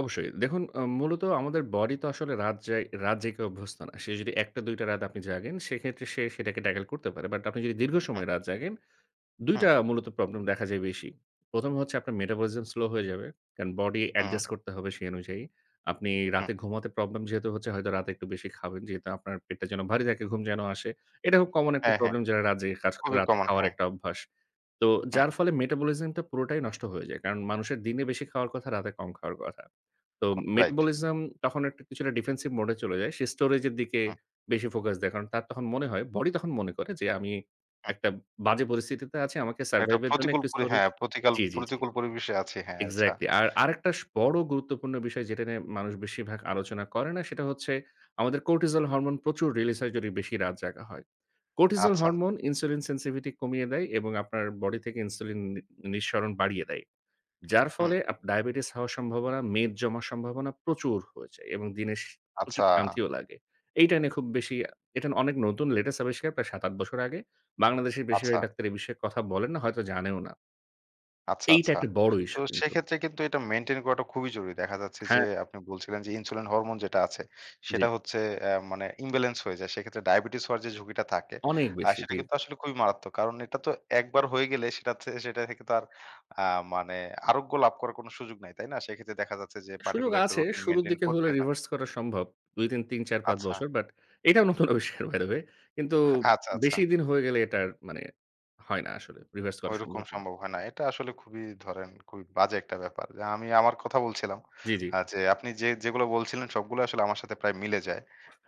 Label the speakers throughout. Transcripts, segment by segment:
Speaker 1: অবশ্যই। দেখুন অ্যা মূলত আমাদের বডি তো আসলে রাত যাই রাত জেগে অভ্যস্ত না। সে যদি ১ টা ২ টা রাত জাগেন সেক্ষেত্রে সে সেটাকে ট্যাকল করতে পারে। বাট আপনি যদি দীর্ঘ
Speaker 2: হুম।
Speaker 1: সময়ে রাত জাগেন ২
Speaker 2: হুম।
Speaker 1: টা মূলত প্রবলেম দেখা যায় বেশি। ১ম হচ্ছে আপনার মেটাবলিজম স্লো হয়ে যাবে। কারণ বডি
Speaker 2: হুম।
Speaker 1: অ্যাডজাস্ট করতে হবে সেই অনুযায়ী। আপনি
Speaker 2: হুম।
Speaker 1: রাতে ঘুমাতে প্রবলেম যেহেতু হচ্ছে হয়তো রাতে একটু বেশি খাবেন। যেহেতু আপনার পেটটা যেন ভারী থাকে ঘুম যেন আসে। এটা খুব কমন একটা
Speaker 2: হ্যাঁ, হ্যাঁ।
Speaker 1: প্রবলেম যারা রাত কাজ করে
Speaker 2: অভিজ্ঞ
Speaker 1: রাতে
Speaker 2: মন
Speaker 1: খাওয়ার
Speaker 2: হ্যাঁ।
Speaker 1: একটা অভ্যাস। তো
Speaker 2: হুম।
Speaker 1: যার ফলে মেটাবলিজমটা পুরোটাই নষ্ট হয়ে যায়। কারণ মানুষের দিনে বেশি খাওয়ার কথা, রাতে কম খাওয়ার কথা। তো
Speaker 2: কোঁক রাইট।
Speaker 1: মেটাবলিজম তখন একটা কিছুটা ডিফেন্সিভ মোড এ চলে যায়। সে স্টোরেজ এর দিকে
Speaker 2: হুম।
Speaker 1: বেশি ফোকাস দেয়। কারণ তার তখন মনে হয় বডি তখন মনে করে যে, আমি
Speaker 2: হুম।
Speaker 1: একটা বাজে পরিস্থিতিতে আছি আমাকে
Speaker 2: একটা
Speaker 1: সারভাইভ এর জন্য
Speaker 2: প্রতিকূল
Speaker 1: একটু
Speaker 2: পরি
Speaker 1: স্টোরেজ
Speaker 2: হ্যাঁ, প্রতিকাল
Speaker 1: জ্বী, জ্বী, জ্বী,
Speaker 2: প্রতিকূল পরিবেশে আছি। হ্যাঁ, আচ্ছা।
Speaker 1: এক্সাক্টলি। আর আরেকটা স বড় গুরুত্বপূর্ণ বিষয় যেটা নিয়ে মানুষ বেশিরভাগ আলোচনা করে না। সেটা হচ্ছে আমাদের কোর্টিজল হরমোন প্রচুর রিলিজ হয় যদি বেশি রাত জাগা হয়। কোর্টিজল
Speaker 2: আচ্ছা।
Speaker 1: হরমোন ইনসুলিন সেনসিভিটি কমিয়ে দেয় এবং আপনার বডি থেকে ইনসুলিন নি নিঃসরণ বাড়িয়ে দেয়। যার
Speaker 2: হুম।
Speaker 1: ফলে আপ ডায়াবেটিস হওয়ার সম্ভাবনা, মেদ জমার সম্ভাবনা প্রচুর হয়ে যায় এবং দিনে শে প্রচুর
Speaker 2: আচ্ছা।
Speaker 1: ক্লান্তিও লাগে। এইটা নিয়ে খুব বেশি এটা অনেক নতুন লেটেস্ট আবিষ্কার প্রায় ৭-৮ বছর আগে। বাংলাদেশের
Speaker 2: আচ্ছা।
Speaker 1: বেশিরভাগ ডাক্তার এ বিষয়ে কথা বলেন না, হয়তো জানেও না
Speaker 2: আচ্ছা,
Speaker 1: এইটা
Speaker 2: আচ্ছা।
Speaker 1: একটা বড়
Speaker 2: তো
Speaker 1: ইশ্যু কিন্তু।
Speaker 2: সেক্ষেত্রে কিন্তু এটা মেইনটেইন করাটা খুবই জরুরি। দেখা যাচ্ছে যে,
Speaker 1: হ্যাঁ।
Speaker 2: আপনি বলছিলেন যে, ইনসুলিন হরমোন যেটা আছে
Speaker 1: জ্বী।
Speaker 2: সেটা হচ্ছে অ্যা মানে ইমব্যালেন্স হয়ে যায়। সেক্ষেত্রে ডায়াবেটিস হওয়ার যে, ঝুঁকিটা থাকে
Speaker 1: অনেক
Speaker 2: অ্যা
Speaker 1: বেশি
Speaker 2: সেটা
Speaker 1: দিই।
Speaker 2: কিন্তু আসলে খুবই মারাত্মক। কারণ এটা তো ১ বার হয়ে গেলে সেটা থে সেটা থেকে তো আর অ্যা মানে আরোগ্য লাভ করার কোনো সুযোগ নাই। তাই না? সেক্ষেত্রে দেখা যাচ্ছে যে,
Speaker 1: সুযোগ
Speaker 2: পার্টিকুলার একটা
Speaker 1: আছে।
Speaker 2: রুটিন
Speaker 1: শুরুর
Speaker 2: মেইনটেইন
Speaker 1: দিকে হলে
Speaker 2: করতে হয়।
Speaker 1: রিভার্স করা সম্ভব। ২, ৩, ৩, ৪, ৫
Speaker 2: আচ্ছা।
Speaker 1: বছর। বাট এটার মতন অবিষ বাই দা ওয়ে কিন্তু
Speaker 2: আচ্ছা, আচ্ছা।
Speaker 1: বেশি দিন হয়ে গেলে এটা মানে হয় না আসলে। রিভার্স করা
Speaker 2: ঐরকম
Speaker 1: সম্ভব না।
Speaker 2: সম্ভব হয় না। এটা আসলে খুবই ধরেন খুবই বাজে একটা ব্যাপার। যে, আমি আমার কথা বলছিলাম
Speaker 1: জ্বী, জ্বী।
Speaker 2: অ্যা যে, আপনি যে যেগুলো বলছিলেন সবগুলো আসলে আমার সাথে প্রায় মিলে যায়।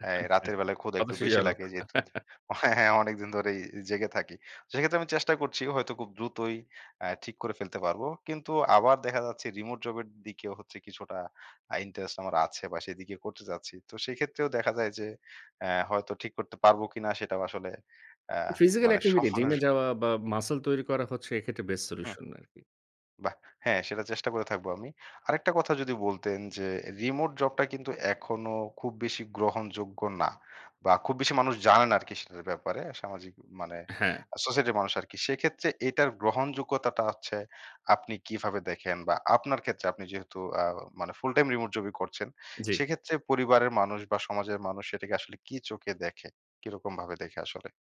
Speaker 2: অ্যা
Speaker 1: আচ্ছা,
Speaker 2: রাতের বেলায় ক্ষুদা একটু বেশি
Speaker 1: হতাশাজনক।
Speaker 2: লাগে, যেহেতু হ্যাঁ, হ্যাঁ, অনেকদিন ধরেই জেগে থাকি। সেক্ষেত্রে আমি চেষ্টা করছি হয়তো খুব দ্রুতই অ্যা ঠিক করে ফেলতে পারবো। কিন্তু আবার দেখা যাচ্ছে রিমোট জব এর দিকেও হচ্ছে কিছুটা আ ইন্টারেস্ট আমার আছে বা সেদিকে করতে চাচ্ছি। তো সেক্ষেত্রেও দেখা যায় যে, অ্যা হয়তো ঠিক করতে পারবো কিনা সেটাও আসলে অ্যা
Speaker 1: ফিজিক্যাল
Speaker 2: মানে
Speaker 1: এক্টিভিটি জিম
Speaker 2: সমানুষ
Speaker 1: এ যাওয়া বা মাসল তৈরি করা হচ্ছে এক্ষেত্রে বেস্ট
Speaker 2: হুম।
Speaker 1: সলিউশন আরকি।
Speaker 2: বাহ! হ্যাঁ, সেটা চেষ্টা করে থাকবো আমি। আরেকটা কথা যদি বলতেন যে, রিমোট জবটা কিন্তু এখনো খুব বেশি গ্রহণযোগ্য না বা খুব বেশি মানুষ জানে আরকি সেটার ব্যাপারে সামাজিক মানে
Speaker 1: হ্যাঁ।
Speaker 2: সোসাইটির মানুষ আরকি। সেক্ষেত্রে এটার গ্রহণযোগ্যতাটা হচ্ছে আপনি কিভাবে দেখেন বা আপনার ক্ষেত্রে আপনি যেহেতু অ্যা মানে ফুল টাইম রিমোট জবই করছেন,
Speaker 1: জ্বী।
Speaker 2: সেক্ষেত্রে পরিবারের মানুষ বা সমাজের মানুষ এটাকে আসলে কি চোখে দেখে? কিরকম ভাবে দেখে আসলে?